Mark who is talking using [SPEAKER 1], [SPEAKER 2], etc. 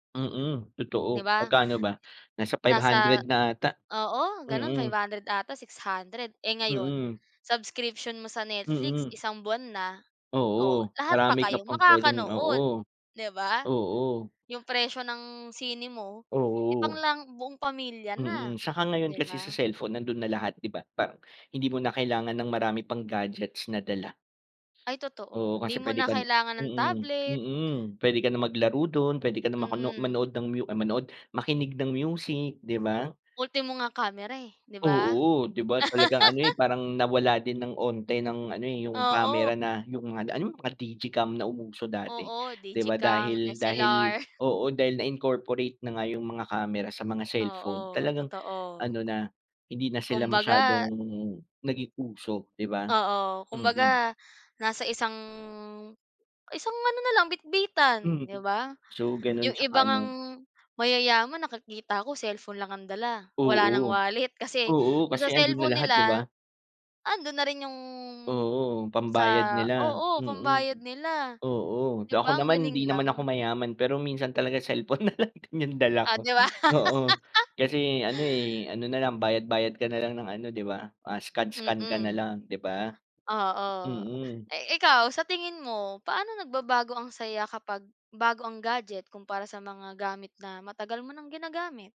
[SPEAKER 1] Mm,
[SPEAKER 2] 'Di
[SPEAKER 1] totoo.
[SPEAKER 2] ba?
[SPEAKER 1] Magkano ba? Nasa 500
[SPEAKER 2] Nasa
[SPEAKER 1] na ata.
[SPEAKER 2] oo, gano'n, five
[SPEAKER 1] Mm.
[SPEAKER 2] hundred ata 600. Eh ngayon,
[SPEAKER 1] Mm.
[SPEAKER 2] subscription mo sa Netflix
[SPEAKER 1] Mm.
[SPEAKER 2] isang buwan na. O,
[SPEAKER 1] Oo.
[SPEAKER 2] lahat pa
[SPEAKER 1] Marami ka
[SPEAKER 2] kayo
[SPEAKER 1] pang pwedeng oo.
[SPEAKER 2] makakanood, 'di ba?
[SPEAKER 1] Oo.
[SPEAKER 2] 'Yung presyo ng sine mo, eh, pang
[SPEAKER 1] Oo.
[SPEAKER 2] lang buong pamilya na,
[SPEAKER 1] Mm, saka ngayon
[SPEAKER 2] 'di
[SPEAKER 1] kasi sa
[SPEAKER 2] ba?
[SPEAKER 1] cellphone nando'n na lahat 'di ba? Pa hindi mo na kailangan ng marami pang gadgets na dala.
[SPEAKER 2] Ay, totoo.
[SPEAKER 1] Oo,
[SPEAKER 2] 'Di
[SPEAKER 1] kasi
[SPEAKER 2] mo
[SPEAKER 1] pwede
[SPEAKER 2] na
[SPEAKER 1] kan
[SPEAKER 2] kailangan ng
[SPEAKER 1] mm,
[SPEAKER 2] tablet.
[SPEAKER 1] mm. Pwede ka na maglaro do'n, pwede ka na makuno
[SPEAKER 2] Mm.
[SPEAKER 1] manood ng mu ay manood, makinig ng music, 'di ba?
[SPEAKER 2] Ultimo nga kamera, eh, 'di ba?
[SPEAKER 1] Oo, 'di ba talagang ano eh parang nawala din ng unti ng ano eh 'yung
[SPEAKER 2] Oo.
[SPEAKER 1] kamera na, 'yung mga d ano, mga digicam na umuso dati.
[SPEAKER 2] Oo,
[SPEAKER 1] 'Di ba
[SPEAKER 2] digicam,
[SPEAKER 1] dahil dahil
[SPEAKER 2] SLR.
[SPEAKER 1] oo, dahil na-incorporate na nga 'yung mga kamera sa mga cellphone,
[SPEAKER 2] Oo,
[SPEAKER 1] talagang ano
[SPEAKER 2] totoo.
[SPEAKER 1] na, hindi na sila masyadong
[SPEAKER 2] Kumbaga
[SPEAKER 1] naging uso, 'di ba?
[SPEAKER 2] Oo,
[SPEAKER 1] Mm.
[SPEAKER 2] kumbaga, nasa isang, isang ano na lang bitbitan,
[SPEAKER 1] Mm.
[SPEAKER 2] 'di ba?
[SPEAKER 1] So, gano'n
[SPEAKER 2] 'Yung iba
[SPEAKER 1] 'tsaka
[SPEAKER 2] ngang
[SPEAKER 1] ano
[SPEAKER 2] mayayaman nakikita ko cellphone lang ang dala, wala ng
[SPEAKER 1] Oo.
[SPEAKER 2] wallet. Kasi,
[SPEAKER 1] Oo,
[SPEAKER 2] do'n
[SPEAKER 1] kasi
[SPEAKER 2] sa
[SPEAKER 1] ando'n na
[SPEAKER 2] cellphone
[SPEAKER 1] lahat 'di
[SPEAKER 2] nila,
[SPEAKER 1] ba?
[SPEAKER 2] ando'n na rin 'yung
[SPEAKER 1] Oo, pambayad
[SPEAKER 2] sa
[SPEAKER 1] nila,
[SPEAKER 2] oo, pambayad
[SPEAKER 1] mm.
[SPEAKER 2] nila.
[SPEAKER 1] Oo. D
[SPEAKER 2] 'Di
[SPEAKER 1] ako
[SPEAKER 2] ba ang
[SPEAKER 1] naman,
[SPEAKER 2] galing
[SPEAKER 1] hindi naman ako
[SPEAKER 2] lang?
[SPEAKER 1] mayaman, pero minsan talaga cellphone na lang din 'yung dala
[SPEAKER 2] O
[SPEAKER 1] ko
[SPEAKER 2] 'di ba?
[SPEAKER 1] oo, kasi ano eh, ano na lang bayad-bayad ka na lang ng ano 'di ba, ah scan-scan ka na
[SPEAKER 2] Mm.
[SPEAKER 1] lang 'di ba?
[SPEAKER 2] Oo.
[SPEAKER 1] Mm.
[SPEAKER 2] Eh, ikaw, sa tingin mo, paano nagbabago ang saya kapag bago ang gadget kumpara sa mga gamit na matagal mo nang ginagamit?